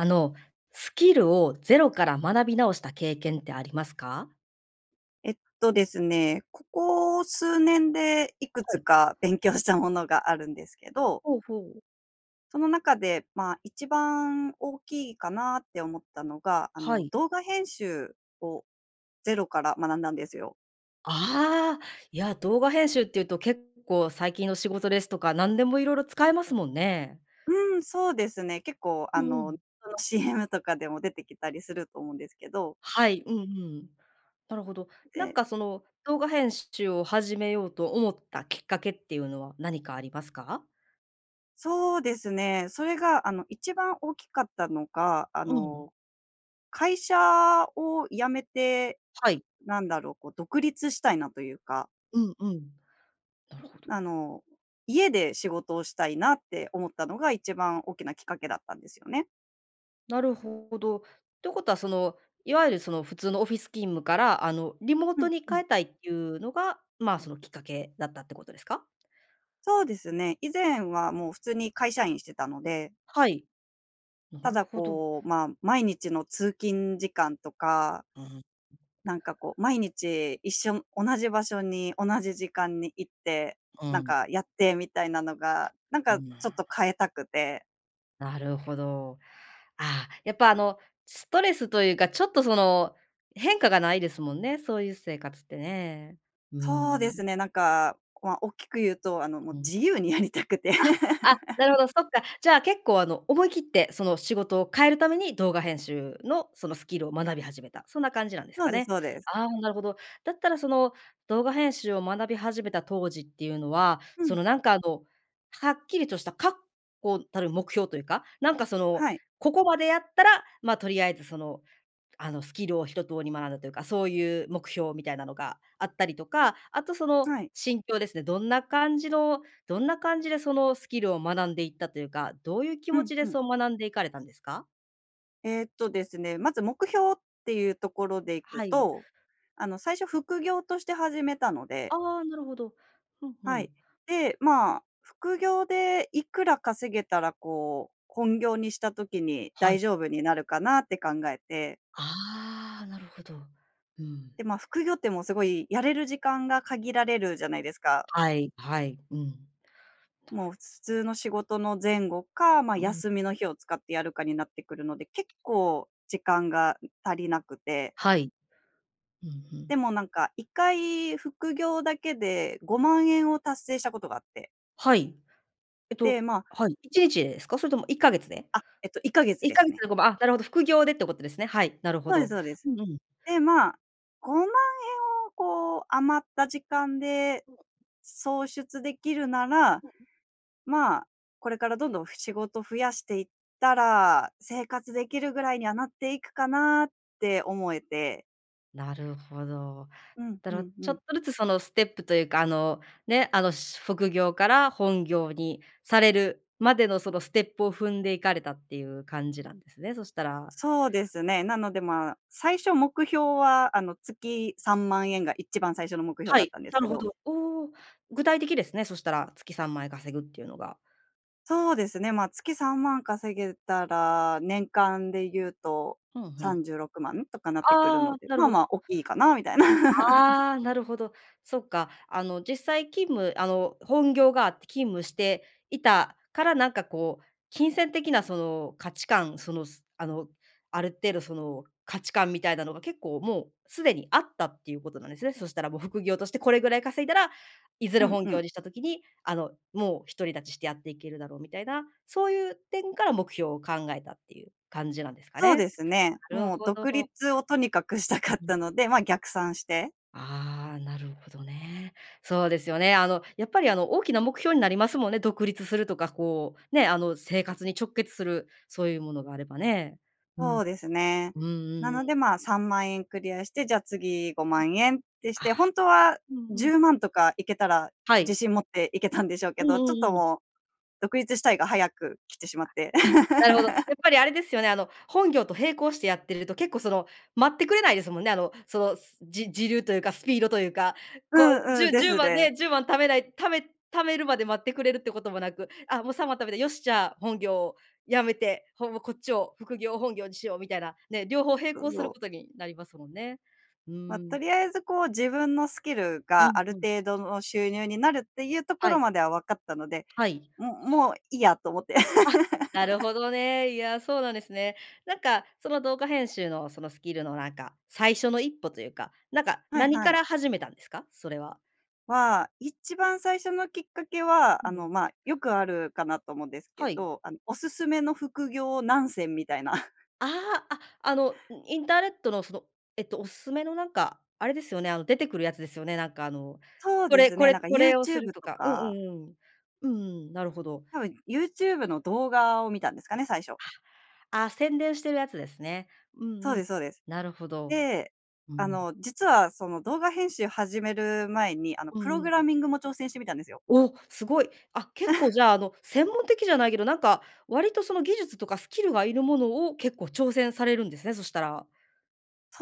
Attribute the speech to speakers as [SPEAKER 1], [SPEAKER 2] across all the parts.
[SPEAKER 1] あの、スキルをゼロから学び直した経験ってありますか？
[SPEAKER 2] えっとですね、ここ数年でいく
[SPEAKER 1] は
[SPEAKER 2] つ
[SPEAKER 1] い。
[SPEAKER 2] か勉強したものがあるんですけど。
[SPEAKER 1] ほうほう。
[SPEAKER 2] その中で、まあ、一番大きいかなって思ったのが、あ
[SPEAKER 1] は
[SPEAKER 2] の、
[SPEAKER 1] い。
[SPEAKER 2] 動画編集をゼロから学んだんですよ。
[SPEAKER 1] あ、いや、動画編集っていうと結構最近の仕事ですとか、何でもいろいろ使えますもんね。
[SPEAKER 2] うん、そうですね。結構、
[SPEAKER 1] う
[SPEAKER 2] あ
[SPEAKER 1] んう
[SPEAKER 2] の、
[SPEAKER 1] ん。
[SPEAKER 2] その CM とかでも出てきたりすると思うんですけど。
[SPEAKER 1] はい、うんうん。なるほど。なん
[SPEAKER 2] で
[SPEAKER 1] かその動画編集を始めようと思ったきっかけっていうのは何かありますか？
[SPEAKER 2] そうですね、それがあの、一番大きかったのが、あ
[SPEAKER 1] うん。
[SPEAKER 2] の、会社を辞めて、
[SPEAKER 1] はい。
[SPEAKER 2] なんだろう、こう、独立したいなというか。
[SPEAKER 1] うんうん、なるほど。
[SPEAKER 2] あの、家で仕事をしたいなって思ったのが一番大きなきっかけだったんですよね。
[SPEAKER 1] なるほど。ってことは、その、所謂、その、普通のオフィス勤務から、あの、リモー
[SPEAKER 2] ふ
[SPEAKER 1] ト
[SPEAKER 2] ん
[SPEAKER 1] に
[SPEAKER 2] ふん。
[SPEAKER 1] 変えたいっていうのが、ま、その、きっかけだったってことですか？
[SPEAKER 2] そうですね、以前は、もう、普通に会社員してたので。
[SPEAKER 1] はい。な
[SPEAKER 2] た
[SPEAKER 1] る
[SPEAKER 2] だ、
[SPEAKER 1] ほど。
[SPEAKER 2] こう、ま、毎日の通勤時間とか
[SPEAKER 1] うん。
[SPEAKER 2] なんか、こう、毎日一緒同じ場所に、同じ時間に行って、
[SPEAKER 1] う
[SPEAKER 2] なん
[SPEAKER 1] ん。
[SPEAKER 2] か、やってみたいなのが、なん
[SPEAKER 1] う
[SPEAKER 2] か、ちょっ
[SPEAKER 1] ん。
[SPEAKER 2] と、変えたくて。
[SPEAKER 1] なるほど。あ、やっぱ、あの、ストレスというか、ちょっと、その、変化がないですもんね、そういう生活ってね。うー
[SPEAKER 2] そうです
[SPEAKER 1] ん。
[SPEAKER 2] ね、なんか、ま、大きく言うと、あの、もう、
[SPEAKER 1] うん。
[SPEAKER 2] 自由にやりたくて。
[SPEAKER 1] あ、あ、なるほど、そっか。じゃあ、結構、あの、思い切って、その、仕事を変えるために動画編集の、その、スキルを学び始めた、そんな感じなんです
[SPEAKER 2] そう
[SPEAKER 1] か
[SPEAKER 2] です
[SPEAKER 1] ね。
[SPEAKER 2] そうです。
[SPEAKER 1] あ、なるほど。だったら、その、動画編集を学び始めた当時っていうのは、
[SPEAKER 2] ふ
[SPEAKER 1] そ
[SPEAKER 2] ん。
[SPEAKER 1] の、なんか、こう、はっきりとした確固たる目標というか、なんか、その、
[SPEAKER 2] はい。
[SPEAKER 1] ここまでやったら、ま、とりあえず、その、あの、スキルを一通り学んだというか、そういう目標みたいなのがあったりとか、あと、その、
[SPEAKER 2] はい。
[SPEAKER 1] 心境ですね。どんな感じのどんな感じで、その、スキルを学んでいったというか、どういう気
[SPEAKER 2] う
[SPEAKER 1] 持
[SPEAKER 2] ん
[SPEAKER 1] ちで、
[SPEAKER 2] うん。
[SPEAKER 1] そう、学んでいかれたんですか？
[SPEAKER 2] えっとですね、まず目標っていうところでいく
[SPEAKER 1] はい。
[SPEAKER 2] と、あの最初副業として始めたので
[SPEAKER 1] ああ、なるほど。ふんふ
[SPEAKER 2] は
[SPEAKER 1] ん。
[SPEAKER 2] い。で、まあ、副業でいくら稼げたらこう、本業にした時に
[SPEAKER 1] は
[SPEAKER 2] 大
[SPEAKER 1] い。
[SPEAKER 2] 丈夫になるかなって考えて。
[SPEAKER 1] ああ、なるほど。うん。
[SPEAKER 2] で、ま、副業ってもうすごいやれる時間が限られるじゃないですか。
[SPEAKER 1] はい、はい。
[SPEAKER 2] もう、普通の仕事の前後か、ま、
[SPEAKER 1] うん。
[SPEAKER 2] 休みの日を使ってやるかになってくるので、結構時間が足りなくて。
[SPEAKER 1] はい。うんう
[SPEAKER 2] で
[SPEAKER 1] ん。
[SPEAKER 2] もなんか、1回副業だけで5万円を達成したことがあって。
[SPEAKER 1] はい。えっと
[SPEAKER 2] で、まあ
[SPEAKER 1] はい、1日でですか？それとも1か月で？
[SPEAKER 2] あ、えっと1か月
[SPEAKER 1] いっ
[SPEAKER 2] で
[SPEAKER 1] か
[SPEAKER 2] す
[SPEAKER 1] げつ
[SPEAKER 2] ね。
[SPEAKER 1] で5万。あ、なるほど、副業でってことですね。はい、なるほ
[SPEAKER 2] そうです
[SPEAKER 1] ど。
[SPEAKER 2] そうです。
[SPEAKER 1] うんうん。
[SPEAKER 2] で、ま、5万円をこう、余った時間で創出できるなら、まあ、これからどんどんふ仕事増やしていったら、生活できるぐらいにはなっていくかなって思えて。
[SPEAKER 1] なるほど。
[SPEAKER 2] うん
[SPEAKER 1] だ
[SPEAKER 2] う
[SPEAKER 1] ろ
[SPEAKER 2] んう
[SPEAKER 1] ちょっ
[SPEAKER 2] ん。
[SPEAKER 1] とずつそのステップというか、あの、ね、あの、しゅ副業から本業にされるまでのそのステップを踏んでいかれたっていう感じなんですね、そしたら。
[SPEAKER 2] そうですね。なので、ま、最初目標は、あの、月3万円が一番最初の目標
[SPEAKER 1] は
[SPEAKER 2] だっ
[SPEAKER 1] い、
[SPEAKER 2] たんです
[SPEAKER 1] な
[SPEAKER 2] け
[SPEAKER 1] るほ
[SPEAKER 2] ど。
[SPEAKER 1] ど。おお、具体的ですね、そしたら、月3万円稼ぐっていうのが。
[SPEAKER 2] そうですね。ま、月3万稼げたら、年間で言うと
[SPEAKER 1] ふんふ
[SPEAKER 2] さ
[SPEAKER 1] ん。
[SPEAKER 2] んじゅうろくまんとかなってくる
[SPEAKER 1] あ
[SPEAKER 2] の
[SPEAKER 1] あ、
[SPEAKER 2] で、
[SPEAKER 1] な
[SPEAKER 2] ま
[SPEAKER 1] る
[SPEAKER 2] あ
[SPEAKER 1] ほ
[SPEAKER 2] ま
[SPEAKER 1] ど。
[SPEAKER 2] あ大きいかなみたいな。
[SPEAKER 1] ああ、なるほど。そっか。あの、実際勤務、あの、本業があって勤務していたから、なんかこう金銭的なその価値観、そのあの、ある程度その価値観みたいなのが結構もう既にあったっていうことなんですね。そしたらもう、副業としてこれぐらい稼いだら、いずれ
[SPEAKER 2] うん
[SPEAKER 1] 本
[SPEAKER 2] う
[SPEAKER 1] 業
[SPEAKER 2] ん。
[SPEAKER 1] にした時に、あのもう、独り立ちしてやっていけるだろうみたいな、そういう点から目標を考えたっていう感じなんですか
[SPEAKER 2] そう
[SPEAKER 1] ね。
[SPEAKER 2] ですね。
[SPEAKER 1] なる
[SPEAKER 2] もう
[SPEAKER 1] ほ
[SPEAKER 2] 独
[SPEAKER 1] ど。
[SPEAKER 2] 立をとにかくした
[SPEAKER 1] う
[SPEAKER 2] かっ
[SPEAKER 1] ん。
[SPEAKER 2] たので、まあ逆算して。
[SPEAKER 1] ああ、なるほどね。そうですよね。あのやっぱり、あの、大きな目標になりますもんね、独立するとか、こうね、あの、生活に直結するそういうものがあればね。う
[SPEAKER 2] そ
[SPEAKER 1] ん。
[SPEAKER 2] うですね。
[SPEAKER 1] うんうん
[SPEAKER 2] なので、
[SPEAKER 1] うん。
[SPEAKER 2] ま、3万円クリアして、じゃあ次5万円ってし
[SPEAKER 1] あ
[SPEAKER 2] て、
[SPEAKER 1] あ。
[SPEAKER 2] 本当は
[SPEAKER 1] うんう
[SPEAKER 2] じ
[SPEAKER 1] ん。
[SPEAKER 2] ゅうまんとかいけたら、
[SPEAKER 1] は
[SPEAKER 2] 自
[SPEAKER 1] い。
[SPEAKER 2] 信持っていけたんでしょう
[SPEAKER 1] う
[SPEAKER 2] けど、ち
[SPEAKER 1] ん
[SPEAKER 2] ょっ
[SPEAKER 1] う
[SPEAKER 2] と
[SPEAKER 1] んうん。
[SPEAKER 2] もう、独立したいが早く来てしまって。
[SPEAKER 1] あ、なるほど。や っぱりあれですよね、あの、本業と並行してやってると結構、その、待ってくれないですもんね。あの、その、じ時流というかスピードというか。
[SPEAKER 2] う
[SPEAKER 1] こう、
[SPEAKER 2] ん
[SPEAKER 1] じ
[SPEAKER 2] うん。
[SPEAKER 1] ゅ
[SPEAKER 2] で
[SPEAKER 1] じゅう
[SPEAKER 2] す
[SPEAKER 1] まん
[SPEAKER 2] ね。
[SPEAKER 1] ね、10万貯めないため貯めるまで待ってくれるってこともなく、あ、もう3万貯めた、よし、じゃあ本業辞めて、ほぼこっちを、副業を本業にしようみたいな、ね、両方並
[SPEAKER 2] そう
[SPEAKER 1] 行す
[SPEAKER 2] そ
[SPEAKER 1] る
[SPEAKER 2] う。
[SPEAKER 1] ことになりますもんね。う
[SPEAKER 2] ま、
[SPEAKER 1] ー
[SPEAKER 2] と
[SPEAKER 1] ん。
[SPEAKER 2] りあえずこう、自分のスキル
[SPEAKER 1] う
[SPEAKER 2] が
[SPEAKER 1] ん
[SPEAKER 2] あ
[SPEAKER 1] う
[SPEAKER 2] る
[SPEAKER 1] ん。
[SPEAKER 2] 程度の収入になるっていうとこ
[SPEAKER 1] は
[SPEAKER 2] ろ
[SPEAKER 1] い。
[SPEAKER 2] までは分かったので、
[SPEAKER 1] はい。
[SPEAKER 2] ももういいやと思って。
[SPEAKER 1] あ、なるほ どね。いや、そうなんですね。なんかその、動画編集のそのスキルの、なんか、最初の1歩というか、なんか、
[SPEAKER 2] はい
[SPEAKER 1] 何
[SPEAKER 2] は
[SPEAKER 1] か
[SPEAKER 2] い。
[SPEAKER 1] ら始めたんですか、それは？
[SPEAKER 2] は、一番最初のきっかけは、あの、ま、よくあるかなと思うんですけ
[SPEAKER 1] はい。
[SPEAKER 2] ど、あの、おすすめの副業何選みたいな。
[SPEAKER 1] ああ、あ、あのインターネットの、そのえっと、おすすめのなんか、あれですよね、あの出てくるやつですよね。なんかあの、
[SPEAKER 2] そう
[SPEAKER 1] こ
[SPEAKER 2] で
[SPEAKER 1] れ
[SPEAKER 2] す
[SPEAKER 1] こ
[SPEAKER 2] ね、
[SPEAKER 1] れ
[SPEAKER 2] なんか
[SPEAKER 1] こ
[SPEAKER 2] ユー
[SPEAKER 1] れを
[SPEAKER 2] チ
[SPEAKER 1] す
[SPEAKER 2] ュー
[SPEAKER 1] る
[SPEAKER 2] ブ
[SPEAKER 1] と
[SPEAKER 2] と
[SPEAKER 1] か。うんう
[SPEAKER 2] か。
[SPEAKER 1] んうんうん。うんうんうん。なるほど。
[SPEAKER 2] たぶんユーチューブの動画を見たんですかね、最初。
[SPEAKER 1] あ、宣伝してるやつですね。う
[SPEAKER 2] そ
[SPEAKER 1] ん
[SPEAKER 2] う
[SPEAKER 1] うん。
[SPEAKER 2] ですそうです。
[SPEAKER 1] なるほど。
[SPEAKER 2] で、
[SPEAKER 1] う
[SPEAKER 2] あ
[SPEAKER 1] ん。
[SPEAKER 2] の、実はその動画編集始める前に、あの、
[SPEAKER 1] う
[SPEAKER 2] プ
[SPEAKER 1] ん
[SPEAKER 2] ロ
[SPEAKER 1] う
[SPEAKER 2] グ
[SPEAKER 1] ん。
[SPEAKER 2] ラミングも挑戦してみたんですよ。
[SPEAKER 1] お、すごい。あ、結構じ ゃあ、あの、専門的じゃないけど、なんか割と、その、技術とかスキルがいるものを結構挑戦されるんですね、そしたら。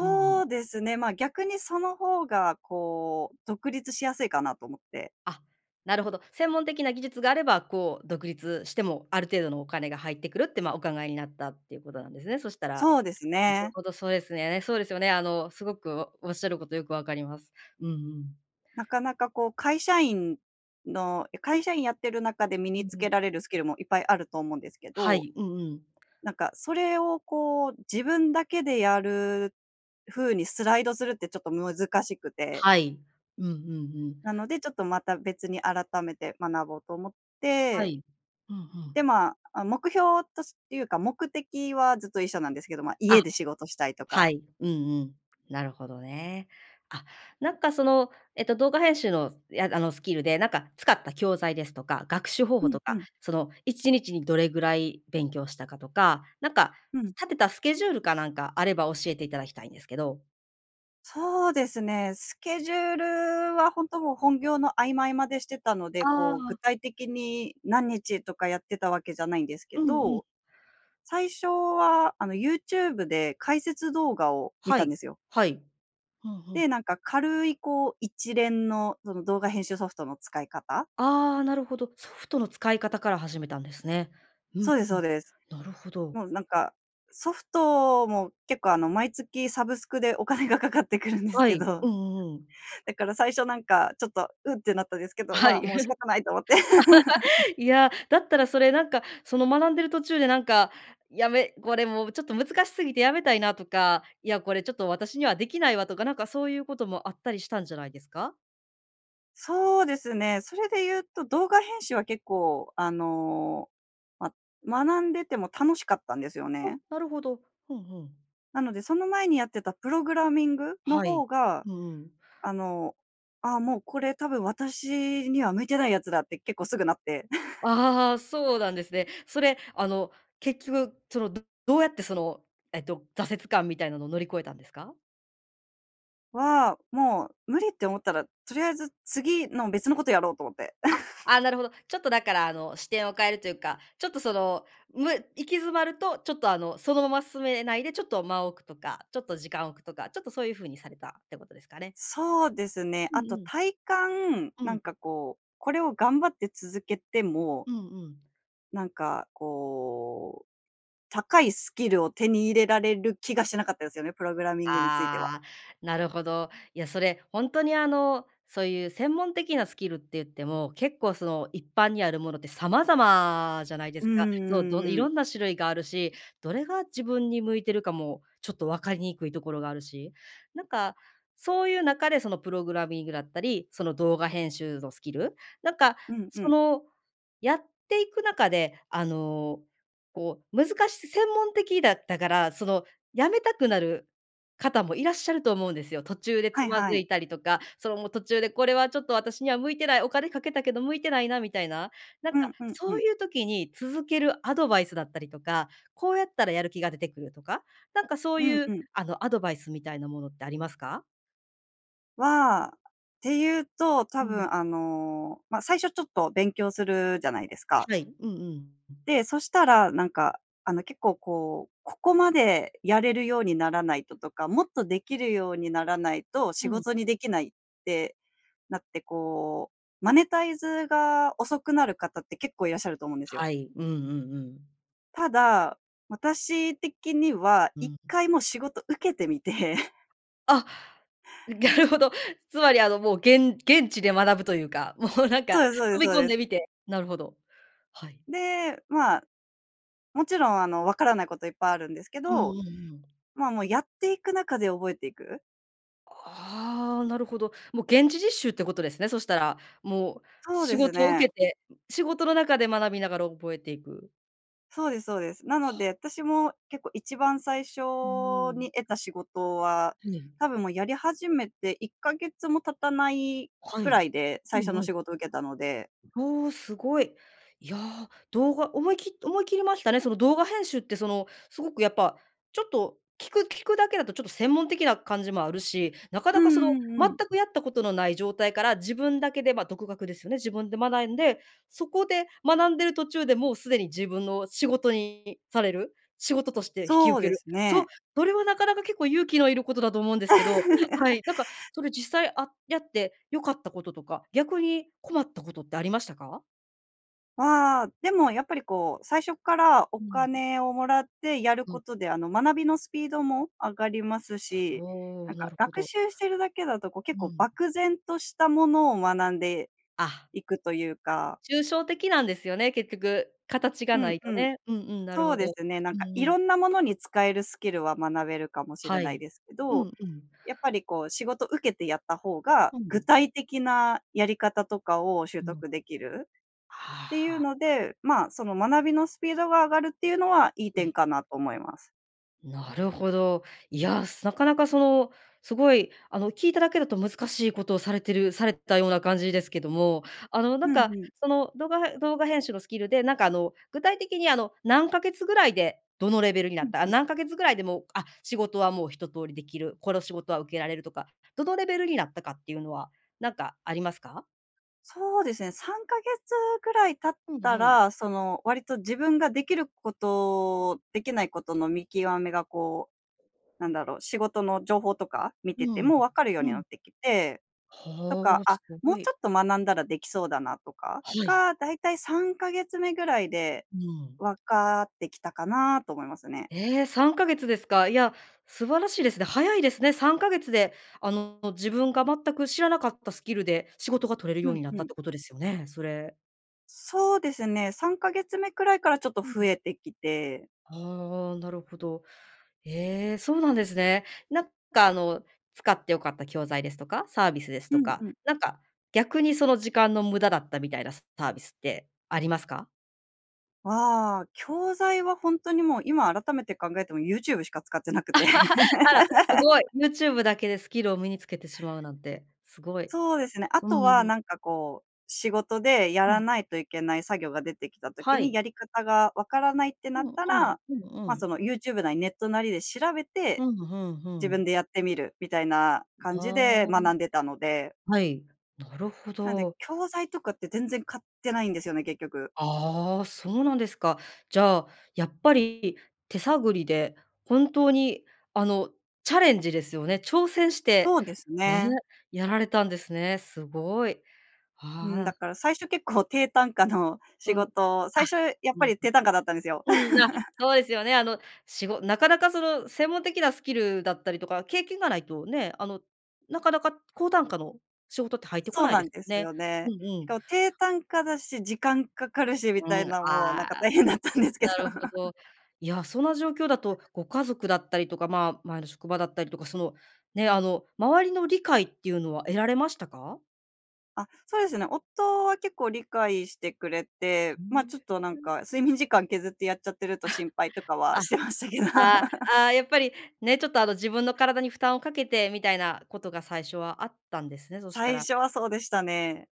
[SPEAKER 1] うんうん。
[SPEAKER 2] うですね。ま、逆にその方がこう独立しやすいかなと思って。
[SPEAKER 1] あ、なるほど。専門的な技術があれば、こう、独立してもある程度のお金が入ってくるって、ま、お考えになったっていうことなんですね、そしたら。
[SPEAKER 2] そうです
[SPEAKER 1] なる
[SPEAKER 2] ね。
[SPEAKER 1] ほどそうですね。そうですよね、あの、すごくおっしゃることよくわかります。うんうん。
[SPEAKER 2] なかなかこう、会社員の会社員やってる中で身
[SPEAKER 1] う
[SPEAKER 2] に
[SPEAKER 1] ん
[SPEAKER 2] つ
[SPEAKER 1] うん。
[SPEAKER 2] けられるスキルもいっぱいあると思うんですけ
[SPEAKER 1] は
[SPEAKER 2] ど、
[SPEAKER 1] い。うんうん。
[SPEAKER 2] なんか、それをこう自分だけでやる風にスライドするってちょっと難しくて。
[SPEAKER 1] はい。うんうんうん。
[SPEAKER 2] なので、ちょっとまた別に改めて学ぼうと思っ
[SPEAKER 1] は
[SPEAKER 2] て。
[SPEAKER 1] い。うんうん。
[SPEAKER 2] で、まあ、あ、目標としていうか、目的はずっと一緒なんですけど、ま、
[SPEAKER 1] あ、
[SPEAKER 2] 家で仕事したいと
[SPEAKER 1] は
[SPEAKER 2] か。
[SPEAKER 1] い。うんうん。なるほどね。あ、なんか、そのえっと、動画編集の、やあのスキルで、なんか、使った教材ですとか、学習方
[SPEAKER 2] う
[SPEAKER 1] 法
[SPEAKER 2] ん
[SPEAKER 1] と
[SPEAKER 2] う
[SPEAKER 1] か、
[SPEAKER 2] ん。
[SPEAKER 1] その1日にどれぐらい勉強したかとか。なんか、
[SPEAKER 2] うん。
[SPEAKER 1] 立てたスケジュールかなんかあれば教えていただきたいんですけど。
[SPEAKER 2] そうですね、スケジュールはほんともう本業の合間、合間でしてたので、
[SPEAKER 1] ああ、
[SPEAKER 2] こう、具
[SPEAKER 1] あ。
[SPEAKER 2] 体的に何日とかやってたわけじゃないんですけ
[SPEAKER 1] うんうん。
[SPEAKER 2] ど最初は、あの、ユーチューブで解説動画を見
[SPEAKER 1] は
[SPEAKER 2] たん
[SPEAKER 1] い、
[SPEAKER 2] ですよ。
[SPEAKER 1] はい、ふんふん。
[SPEAKER 2] で、なんか軽い、こう、一連のその動画編集ソフトの使い方
[SPEAKER 1] あ、なるほど。ソフトの使い方から始めたんですね。うん
[SPEAKER 2] そうです
[SPEAKER 1] う
[SPEAKER 2] そ
[SPEAKER 1] ん、
[SPEAKER 2] うです。
[SPEAKER 1] なるほど。
[SPEAKER 2] もうなんかソフトも結構、あの、毎月サブスクでお金がかかってくるんです
[SPEAKER 1] は
[SPEAKER 2] け
[SPEAKER 1] い、
[SPEAKER 2] ど
[SPEAKER 1] うんうんうん。
[SPEAKER 2] だから最初なんか、ちょっと「うっ」てなったんですけど、
[SPEAKER 1] は
[SPEAKER 2] ま、
[SPEAKER 1] い、
[SPEAKER 2] もう仕 方ないと思って。
[SPEAKER 1] いや、だったらそれなんか、その学んでる途中でなんか「やめこれもうちょっと難しすぎて辞めたいな」とか「いやこれちょっと私にはできないわ」とかなんかそういうこともあったりしたんじゃないですか？
[SPEAKER 2] そうですね、それで言うと動画編集は結構、あの、ま、学んでても楽しかったんですよ
[SPEAKER 1] お、
[SPEAKER 2] ね。
[SPEAKER 1] なるほど。ふんふん。
[SPEAKER 2] なので、その前にやってたプログラミングの
[SPEAKER 1] はい、
[SPEAKER 2] 方が、
[SPEAKER 1] うんうん。
[SPEAKER 2] あの、「あ、もうこれたぶん私には向いてないやつだ」って結構すぐなって
[SPEAKER 1] ああ、そうなんですね。それ、あの、結局その、どうやってその、えっと、挫折感みたいなのを乗り越えたんですか？
[SPEAKER 2] わあ、もう無理って思ったら、とりあえず次の別のことやろうと思って。
[SPEAKER 1] あ、あ、な るほど。ちょっとだからあの、視点を変えるというか、ちょっとそのむ行き詰まるとちょっとあの、そのまま進めないでちょっと間を置くとか、ちょっと時間を置くとか、ちょっとそういう風にされたってことですかね。
[SPEAKER 2] そうですね。
[SPEAKER 1] うん
[SPEAKER 2] あと、
[SPEAKER 1] うん。
[SPEAKER 2] 体感、
[SPEAKER 1] う
[SPEAKER 2] なん
[SPEAKER 1] ん。
[SPEAKER 2] かこう、これを頑張って続けても
[SPEAKER 1] うんうん。
[SPEAKER 2] なんかこう、高いスキルを手に入れられる気がしなかったですよね、プログラミングについては。
[SPEAKER 1] ああ、なるほど。いや、それほんとにあの、そういう専門的なスキルって言っても、結構その一般にあるものって様々じゃないで
[SPEAKER 2] う
[SPEAKER 1] す
[SPEAKER 2] ん
[SPEAKER 1] か。
[SPEAKER 2] うん
[SPEAKER 1] そう、
[SPEAKER 2] うんう
[SPEAKER 1] どい
[SPEAKER 2] んうん。
[SPEAKER 1] ろんな種類があるし、どれが自分に向いてるかもちょっと分かりにくいところがあるし、なんかそういう中でそのプログラミングだったり、その動画編集のスキル、なんか
[SPEAKER 2] うんう
[SPEAKER 1] そ
[SPEAKER 2] ん。
[SPEAKER 1] のやっていく中で、あの、こう難し専門的だったから、その辞めたくなる方もいらっしゃると思うんですよ。途中で
[SPEAKER 2] は
[SPEAKER 1] つ
[SPEAKER 2] い
[SPEAKER 1] ま
[SPEAKER 2] は
[SPEAKER 1] ず
[SPEAKER 2] い。
[SPEAKER 1] いたりとか、そのもう途中でこれはちょっと私には向いてない、お金掛けたけど向いてないなみたいな、なん
[SPEAKER 2] う
[SPEAKER 1] か
[SPEAKER 2] んうんう
[SPEAKER 1] そう
[SPEAKER 2] ん。
[SPEAKER 1] いう時に続けるアドバイスだったりとか、こうやったらやる気が出てくるとか、なんかそう
[SPEAKER 2] うん
[SPEAKER 1] いう
[SPEAKER 2] うん。
[SPEAKER 1] あの、アドバイスみたいなものってありますか？
[SPEAKER 2] は、って言うと、多
[SPEAKER 1] うん。
[SPEAKER 2] 分あの、まあ、最初ちょっと勉強するじゃないですか。
[SPEAKER 1] はい、うんうん、うん。
[SPEAKER 2] で、そしたらなんかあの、結構こう、ここまでやれるようにならないととか、もっとできるようにならないと仕
[SPEAKER 1] うん。
[SPEAKER 2] 事にできないって、なって、こう、マネタイズが遅くなる方って結構いらっしゃると思うんですよ。
[SPEAKER 1] はい、うんうんうん。
[SPEAKER 2] ただ、私的には
[SPEAKER 1] うん、う
[SPEAKER 2] 一
[SPEAKER 1] ん。
[SPEAKER 2] 回もう仕事受けてみて
[SPEAKER 1] あっ、なるほど。つまり、あの、もう、現現地で学ぶというか、もう、なんか、
[SPEAKER 2] そうですそうです
[SPEAKER 1] 飛び
[SPEAKER 2] そう
[SPEAKER 1] 込ん
[SPEAKER 2] で
[SPEAKER 1] で
[SPEAKER 2] す。
[SPEAKER 1] みてなるほど、はい。
[SPEAKER 2] で、まあ、もちろん、あの、わからないこといっぱいあるんですけ
[SPEAKER 1] うんうん
[SPEAKER 2] ど、
[SPEAKER 1] うん。
[SPEAKER 2] まあ、もう、やっていく中で覚えていく
[SPEAKER 1] ああ、なるほど。もう、現地実習ってことですね。そしたら、もう、
[SPEAKER 2] そう
[SPEAKER 1] 仕
[SPEAKER 2] です
[SPEAKER 1] 事を受
[SPEAKER 2] ね。
[SPEAKER 1] けて仕事の中で学びながら覚えていく。
[SPEAKER 2] そうです、そうです。なので、私も、結構、一番最初
[SPEAKER 1] うーん。
[SPEAKER 2] に得た仕事は、
[SPEAKER 1] うん。
[SPEAKER 2] 多分もうやり始めて1か月も経たない
[SPEAKER 1] は
[SPEAKER 2] く
[SPEAKER 1] い。
[SPEAKER 2] らいで
[SPEAKER 1] う
[SPEAKER 2] 最初
[SPEAKER 1] ん
[SPEAKER 2] の
[SPEAKER 1] うん。
[SPEAKER 2] 仕事を受けたので
[SPEAKER 1] ほお、すごい。いや、動画思いき思い切りましたね。その、動画編集って、そのすごく、やっぱ、ちょっと聞く聞くだけだと、ちょっと、専門的な感じもあるし、なか
[SPEAKER 2] う
[SPEAKER 1] なか、その、
[SPEAKER 2] んうんう
[SPEAKER 1] 全
[SPEAKER 2] ん。
[SPEAKER 1] くやったことのない状態から自分だけで、まあ、独学ですよね、自分で学んで、そこで学んでる途中でもうすでに自分の仕事にされる、仕事として引き
[SPEAKER 2] そ
[SPEAKER 1] 受
[SPEAKER 2] う
[SPEAKER 1] け
[SPEAKER 2] で
[SPEAKER 1] る。
[SPEAKER 2] す
[SPEAKER 1] そう、
[SPEAKER 2] ね。
[SPEAKER 1] それは、なかなか、結構勇気のいることだと思うんですけど、はい、なんか、それ、実際、あやって良かったこととか、逆に困ったことってありましたか？
[SPEAKER 2] ああ、でも、やっぱり、こう、最初からお
[SPEAKER 1] うーん。
[SPEAKER 2] 金をもらってやる
[SPEAKER 1] うん。
[SPEAKER 2] ことで、あの、学びのスピードも上がりますし、
[SPEAKER 1] ほ
[SPEAKER 2] な
[SPEAKER 1] う、
[SPEAKER 2] ん
[SPEAKER 1] な
[SPEAKER 2] か、
[SPEAKER 1] るほ
[SPEAKER 2] 学
[SPEAKER 1] ど。
[SPEAKER 2] 習してるだけだと、こう、結
[SPEAKER 1] う
[SPEAKER 2] 構
[SPEAKER 1] ん。
[SPEAKER 2] 漠然としたものを学んで
[SPEAKER 1] あっ。あ、
[SPEAKER 2] いくというか。
[SPEAKER 1] 抽象的なんですよね、結局、形が
[SPEAKER 2] う
[SPEAKER 1] な
[SPEAKER 2] ん
[SPEAKER 1] い
[SPEAKER 2] う
[SPEAKER 1] と
[SPEAKER 2] ん。
[SPEAKER 1] ね。うんうん、なる
[SPEAKER 2] そう
[SPEAKER 1] ほ
[SPEAKER 2] で
[SPEAKER 1] ど。
[SPEAKER 2] すね、なん
[SPEAKER 1] う
[SPEAKER 2] か、
[SPEAKER 1] んう
[SPEAKER 2] 色
[SPEAKER 1] ん。
[SPEAKER 2] んなものに使えるスキルは学べるかもしれ
[SPEAKER 1] は
[SPEAKER 2] ない
[SPEAKER 1] い、
[SPEAKER 2] ですけ
[SPEAKER 1] うん
[SPEAKER 2] ど、
[SPEAKER 1] うん。
[SPEAKER 2] やっぱり、こう、仕事受けてやった方が、
[SPEAKER 1] う
[SPEAKER 2] 具
[SPEAKER 1] ん。
[SPEAKER 2] 体的なやり方とかを習
[SPEAKER 1] うん。
[SPEAKER 2] 得できる
[SPEAKER 1] は
[SPEAKER 2] ってい
[SPEAKER 1] は
[SPEAKER 2] う
[SPEAKER 1] あ。
[SPEAKER 2] ので、ま、その学びのスピードが上がるっていうのはいい
[SPEAKER 1] う
[SPEAKER 2] 点
[SPEAKER 1] ん。
[SPEAKER 2] かなと思います。
[SPEAKER 1] なるほど。いや、なかなか、その、すごい、あの、聞いただけだと難しいことをされてるされてたような感じですけども、あの、な
[SPEAKER 2] ふ
[SPEAKER 1] ん
[SPEAKER 2] ん
[SPEAKER 1] か、
[SPEAKER 2] ふん。
[SPEAKER 1] その動画動画編集のスキルで、なんか、あの、具体的に、あの、何ヶ月ぐらいでどのレベルにな
[SPEAKER 2] う
[SPEAKER 1] っ
[SPEAKER 2] ん
[SPEAKER 1] た、あ、
[SPEAKER 2] うん。
[SPEAKER 1] 何ヶ月ぐらいでも、あっ、仕事は、もう、一通りできる、この仕事は受けられるとか、どのレベルになったかっていうのはなんかありますか？
[SPEAKER 2] そうですね、3ヶ月ぐらい経っ
[SPEAKER 1] うん
[SPEAKER 2] た
[SPEAKER 1] うん。
[SPEAKER 2] ら、その割と自分ができること、できないことの見極めが、こう、なんだろう、仕事の情報とか見て
[SPEAKER 1] う
[SPEAKER 2] て
[SPEAKER 1] ん。
[SPEAKER 2] も分かるように
[SPEAKER 1] う
[SPEAKER 2] はな
[SPEAKER 1] ん。
[SPEAKER 2] ってきて、と
[SPEAKER 1] は
[SPEAKER 2] か
[SPEAKER 1] あ、
[SPEAKER 2] 「あ、
[SPEAKER 1] す
[SPEAKER 2] も
[SPEAKER 1] ご
[SPEAKER 2] うち
[SPEAKER 1] い。
[SPEAKER 2] ょっと学んだらできそうだな」とか、
[SPEAKER 1] はい。
[SPEAKER 2] が、大体3ヶ月目ぐらいで、
[SPEAKER 1] うん。
[SPEAKER 2] 分かってきたかなと思いますね。
[SPEAKER 1] え、3ヶ月ですか。いや、素晴らしいですね。早いですね3ヶ月で、あの、自分が全く知らなかったスキルで仕事が取れる
[SPEAKER 2] う
[SPEAKER 1] よう
[SPEAKER 2] ん
[SPEAKER 1] になっ
[SPEAKER 2] う
[SPEAKER 1] たっ
[SPEAKER 2] ん。
[SPEAKER 1] てことですよね、それ。
[SPEAKER 2] そうですね、3か月目くらいからちょっと
[SPEAKER 1] うん、
[SPEAKER 2] 増
[SPEAKER 1] ん。
[SPEAKER 2] えてきて。
[SPEAKER 1] あ、なるほど。え、そうなんですね。なんか、あの、使って良かった教材ですとかサービスです
[SPEAKER 2] う
[SPEAKER 1] と
[SPEAKER 2] んう
[SPEAKER 1] か、
[SPEAKER 2] ん。
[SPEAKER 1] なんか逆に、その時間の無駄だったみたいなサービスってありますか？
[SPEAKER 2] は、教材はほんとにもう今改めて考えてもユーチューブしか使ってなくて。
[SPEAKER 1] あらす ごい。ユーチューブだけでスキルを身につけてしまうなんて、すごい。
[SPEAKER 2] そうですね。あと
[SPEAKER 1] う
[SPEAKER 2] は
[SPEAKER 1] ん。
[SPEAKER 2] なんか、こう、仕事でや
[SPEAKER 1] う
[SPEAKER 2] ら
[SPEAKER 1] ん。
[SPEAKER 2] ないといけない作業が出てきた時
[SPEAKER 1] は
[SPEAKER 2] に、
[SPEAKER 1] い。
[SPEAKER 2] やり方がわからないってなっ
[SPEAKER 1] うん、あ
[SPEAKER 2] た
[SPEAKER 1] ら、
[SPEAKER 2] ら、
[SPEAKER 1] うん、う
[SPEAKER 2] ま、そ
[SPEAKER 1] ん。
[SPEAKER 2] のユーチューブなりネットなりで調べて、
[SPEAKER 1] うん、ふんふ
[SPEAKER 2] 自
[SPEAKER 1] ん。
[SPEAKER 2] 分でやってみるみたいな感じ
[SPEAKER 1] ああ。
[SPEAKER 2] で学んでたので
[SPEAKER 1] はい、なるほ
[SPEAKER 2] なんで、
[SPEAKER 1] ど。
[SPEAKER 2] 教材とかって全然買ってないんですよね、結局。
[SPEAKER 1] あ、そうなんですか。じゃあ、やっぱり手探りで本当に、あの、チャレンジですよね。挑戦して
[SPEAKER 2] そうです
[SPEAKER 1] ね
[SPEAKER 2] ね。
[SPEAKER 1] やられたんですね。すごい、
[SPEAKER 2] うん、
[SPEAKER 1] ああ。
[SPEAKER 2] だから最初結構、低単価の仕
[SPEAKER 1] うん、
[SPEAKER 2] 事、
[SPEAKER 1] あ、
[SPEAKER 2] 最初やっぱ
[SPEAKER 1] うん。
[SPEAKER 2] り低単価だったんですよ。
[SPEAKER 1] うん、あ、そうですよね、あの、しごなかなかその専門的なスキルだったりとか経験がないとね、あの、なかなか高単価の仕事って入ってこ
[SPEAKER 2] そう
[SPEAKER 1] ない
[SPEAKER 2] な
[SPEAKER 1] で
[SPEAKER 2] ん
[SPEAKER 1] すも
[SPEAKER 2] で
[SPEAKER 1] ん
[SPEAKER 2] す
[SPEAKER 1] ね。
[SPEAKER 2] よ
[SPEAKER 1] うん
[SPEAKER 2] ね。
[SPEAKER 1] う
[SPEAKER 2] し
[SPEAKER 1] ん。
[SPEAKER 2] かも低単価だし時間かかるしみたい
[SPEAKER 1] うん、
[SPEAKER 2] な、もうなん
[SPEAKER 1] あ、
[SPEAKER 2] か大変だったんですけど。
[SPEAKER 1] なるほ ど、いや、そんな状況だとご家族だったりとか、ま、前の職場だったりとか、そのね、あの、周りの理解っていうのは得られましたか？
[SPEAKER 2] あ、そうですね。夫は結構理解してくれ
[SPEAKER 1] ふ
[SPEAKER 2] て、
[SPEAKER 1] ー
[SPEAKER 2] ま、
[SPEAKER 1] ん、
[SPEAKER 2] ちょっとなん
[SPEAKER 1] うん。
[SPEAKER 2] か睡眠時間削ってやっちゃってると
[SPEAKER 1] あ、
[SPEAKER 2] 心配とかは
[SPEAKER 1] あ、
[SPEAKER 2] してましたけど。
[SPEAKER 1] ああ、ああ、やっぱりねちょっと、あの、自分の体に負担をかけてみたいなことが最初はあったんですね、そした
[SPEAKER 2] 最
[SPEAKER 1] ら。
[SPEAKER 2] 初はそうでしたね。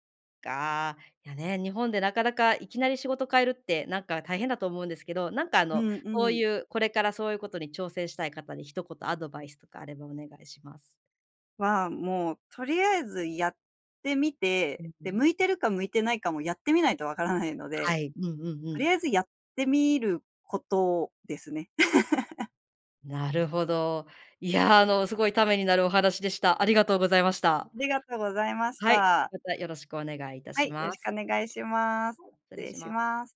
[SPEAKER 1] か、いやね、日本でなかなかいきなり仕事変えるって、なんか大変だと思うんですけど、なんか、あ
[SPEAKER 2] う
[SPEAKER 1] の、
[SPEAKER 2] ん、
[SPEAKER 1] そ
[SPEAKER 2] う
[SPEAKER 1] う
[SPEAKER 2] ん。
[SPEAKER 1] いう、これからそういうことに挑戦したい方に一言アドバイスとかあればお願いします。
[SPEAKER 2] は、もうとりあえずやってみ
[SPEAKER 1] う
[SPEAKER 2] て、
[SPEAKER 1] んう
[SPEAKER 2] で、
[SPEAKER 1] ん。
[SPEAKER 2] 向いてるか向いてないかもやってみないとわからないの
[SPEAKER 1] は
[SPEAKER 2] で、
[SPEAKER 1] い、うんうんう
[SPEAKER 2] と
[SPEAKER 1] ん。
[SPEAKER 2] りあえずやってみることですね。
[SPEAKER 1] なるほど。いや、あの、すごいためになるお話でした。ありがとうございました。
[SPEAKER 2] ありがとうございまし
[SPEAKER 1] はい、
[SPEAKER 2] た。
[SPEAKER 1] また、よろしくお願いいた
[SPEAKER 2] は
[SPEAKER 1] し
[SPEAKER 2] い、よ
[SPEAKER 1] ま
[SPEAKER 2] ろしく
[SPEAKER 1] す。
[SPEAKER 2] お願いします。
[SPEAKER 1] 失
[SPEAKER 2] はい、
[SPEAKER 1] 礼
[SPEAKER 2] 失礼
[SPEAKER 1] し
[SPEAKER 2] し
[SPEAKER 1] ます。
[SPEAKER 2] ます。